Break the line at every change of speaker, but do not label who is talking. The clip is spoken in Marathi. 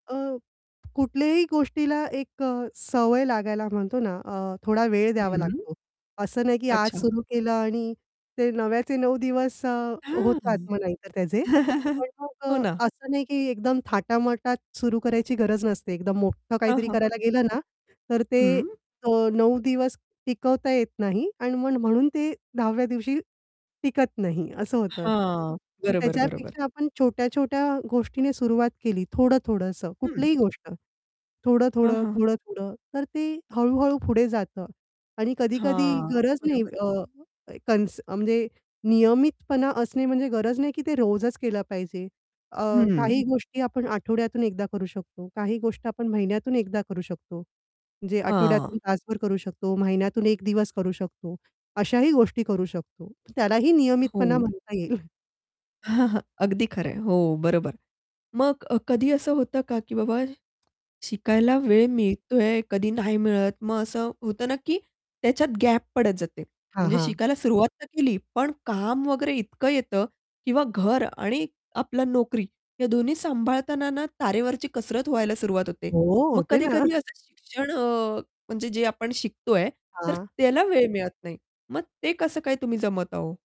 अ, कुठल्याही गोष्टीला एक अ, सवय लागायला म्हणतो ना, अ, थोडा वेळ द्यावा
हं.
लागतो. असं नाही, की आज
अच्छा.
सुरू केलं आणि ते नव्याचे अ, 9 दिवस अ,
हां.
होतात मग नाही तर त्याचे. पण मग
हो
अ,
ना.
असं नाही, की एकदम थाटामाटात सुरू करायची गरज नसते. एकदम मोठं
हं,
काहीतरी
हं,
करायला
हं.
गेलं ना, तर ते
हं.
9 दिवस टिकवता येत नाही आणि मग म्हणून ते 10व्या दिवशी टिकत नाही, असं होतं.
हां.
पण
बरोबर, बरोबर.
त्याच्यापेक्षा आपण छोट्या-छोट्या गोष्टीने सुरुवात केली, थोडं-थोडंसं
हं.
कुठलीही गोष्ट.
हां,
थोडं-थोडं,
हां.
थोडं-थोडं, तर ते हळू-हळू पुढे जातं आणि कधी-कधी
हां,
गरज नाही
बरोबर.
अ, अ, कॉन्स अ, म्हणजे नियमितपणा असणे म्हणजे गरज नाही, की ते रोजच केलं पाहिजे. अ,
हं.
काही गोष्टी आपण आठवड्यातून एकदा करू शकतो, काही गोष्टी आपण महिन्यातून एकदा करू शकतो. म्हणजे
हां.
आठवड्यातून तासभर करू शकतो, महिन्यातून 1 दिवस करू शकतो अशाही गोष्टी करू शकतो. त्यालाही नियमितपणा
हो.
म्हणता येईल.
अगदी खरं आहे हो, बरोबर. मग अ, कधी असं होतं का, की बाबा शिकायला वेळ मिळतोय, कधी नाही मिळत मग असं होतं ना, की त्याच्यात गॅप पडत जाते.
हां,
म्हणजे
हां.
शिकायला सुरुवात तर केली पण काम वगैरे इतकं येतं, किंवा घर आणि आपला नोकरी, हे दोन्ही सांभाळताना ना, तारेवरची कसरत व्हायला सुरुवात होते.
हो,
मग
होते ना.
कधी-कधी असं शिक्षण अ, म्हणजे जे आपण शिकतोय, तर
हां.
त्याला वेळ मिळत नाही. मग ते कसं काय तुम्ही जमवता हो?